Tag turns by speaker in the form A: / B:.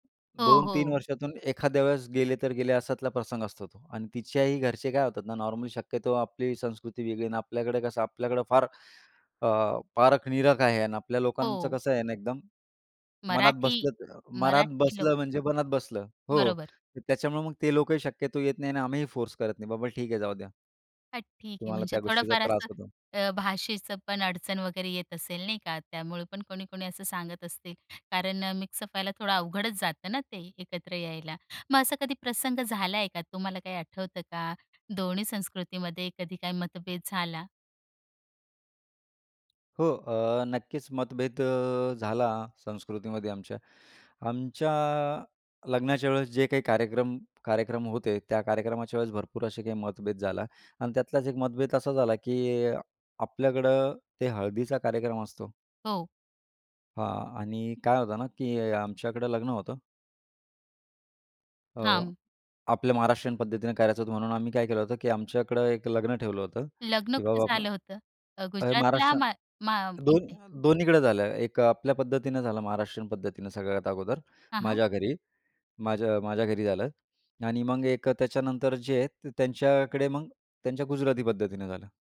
A: हो,
B: 2-3
A: हो.
B: वर्षातून एखाद्या वेळेस गेले तर गेले अश्यातला प्रसंग असतो तो. अन् तिच्याही घरचे काय होतात ना नॉर्मली शक्यतो आपली संस्कृती वेगळी आहे, अन् आपल्याकडे कसं आपल्याकडे फार अ, पारख-निरख आहे आणि आपल्या लोकांचं
A: हो.
B: कसं आहे ना एकदम, मनात
A: मराठी
B: बसलं तर मनात
A: मराठी लोक.
B: बसलं म्हणजे मनात बसलं. हो,
A: बरोबर.
B: तर त्याच्यामुळे मग ते लोकंही शक्यतो येत नाही आणि आम्हीही फोर्स करत नाही, बाबा ठीक आहे जाऊ द्या.
A: हां, ठीक आहे
B: तुम्हाला
A: म्हणजे
B: त्या गोष्टीचा
A: थोडंफार
B: त्रास
A: असं
B: होतो.
A: अ, भाषेचं पण अडचण वगैरे येत असेल, नाही का? त्यामुळे पण कोणी-कोणी असं सांगत असतील. कारण अ, मिक्स व्हायला थोडं अवघडच जातं ना ते, एकत्र यायला. मग असा कधी प्रसंग झालाय का? तुम्हाला काही आठवतं का? 2न्ही संस्कृतीमध्ये कधी काही मतभेद झाला?
B: हो, अ, नक्कीच मतभेद अ, झाला संस्कृतीमध्ये आमच्या. आमच्या लग्नाच्या वेळेस जे काही कार्यक्रम कार्यक्रम होते, त्या कार्यक्रमाच्या वेळेस भरपूर असे काही मतभेद झाला आणि त्यातलाच एक मतभेद असा झाला की अ, आपल्याकडं ते हळदीचा कार्यक्रम असतो.
A: हो.
B: हां, आणि काय होतं ना की आमच्याकडे लग्न होतं. अ,
A: हां.
B: आपल्या महाराष्ट्रीयन पद्धतीने करायचं होतं म्हणून आम्ही काय केलं होतं, की आमच्याकडे एक लग्न ठेवलं होतं
A: लग्न
B: की
A: कुठे
B: बाबा
A: झालं होतं? अ,
B: अ,
A: गुजरातला
B: महाराष्ट्र
A: मा मा इथे?
B: 2 2न्हीकडं झालं. एक आपल्या पद्धतीनं झालं महाराष्ट्रीयन पद्धतीनं सगळ्यात अगोदर
A: हां, हां.
B: माझ्या घरी. माझ्या माझ्या घरी झालं आणि मग 1 त्याच्यानंतर जे आहेत त्यांच्याकडे मग त्यांच्या गुजराती पद्धतीनं झालं.